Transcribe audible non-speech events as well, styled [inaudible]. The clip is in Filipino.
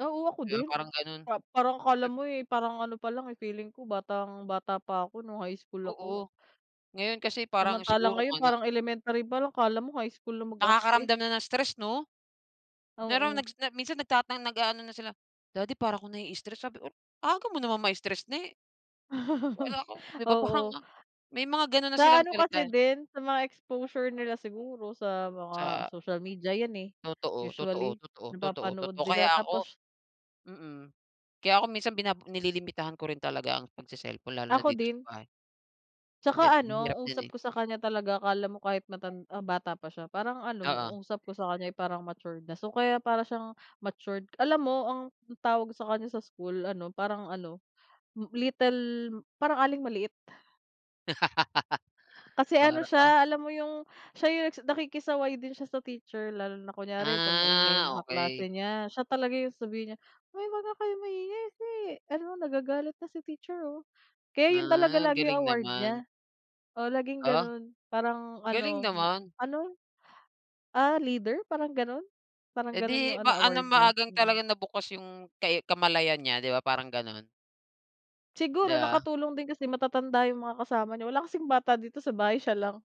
Oo, ako Kaya din. parang ganun. Ah, parang akala Ep mo eh parang ano palang feeling ko batang-bata pa ako nung high school ako Oo, ngayon kasi parang Samantalang siguro ngayon nga na parang elementary palang, akala mo high school na magarte. Nakakaramdam na ng stress no? Meron Oo. nagsna minsan nag nag-aano na sila, "Daddy para ko naii-stress" sabi ko, "Aga mo naman mai-stress ne." [chuckles] Wala ko di ba parang Oo. nga may mga ganun na Sa silang ano kasi salita. din, sa mga exposure nila siguro sa mga Sa social media yan eh, Totoo, totoo, usually totoo, totoo, napapanood totoo. nila Kaya ako tapos mm, kaya ako minsan binab nililimitahan ko rin talaga ang pag-cellphone lalo na Ako dito sa din. bahay. Hindi, Tsaka mahirap ano, din eh. usap ko sa kanya talaga akala mo kahit matan ah, bata pa siya parang ano Oo. usap ko sa kanya ay parang matured na. So kaya para siyang matured, alam mo ang tawag sa kanya sa school ano parang ano little, parang aling maliit. Kasi, [laughs] ano Para, ah siya alam mo yung siya yung, nakikisaway din siya sa teacher lalo na kunyari pag maingay Ah, mga okey. kaklase niya. Siya talaga yung sasabihin niya, "Uy wag nga kayong maingay kasi ano nagagalit na si teacher oh." Kaya yun talaga Ah, lagi galing award naman. niya. Oh, laging Ah. ganun parang Galing ano, naman. ano, ah, leader parang ganun, parang ganun Edi yung ano maano award niya, maagang talaga mhm. nabukas yung ke kamalayan niya di ba parang ganun? Di Siguro ba? nakatulong din kasi matatanda yung mga kasama niya wala kasing bata dito sa bahay, siya lang.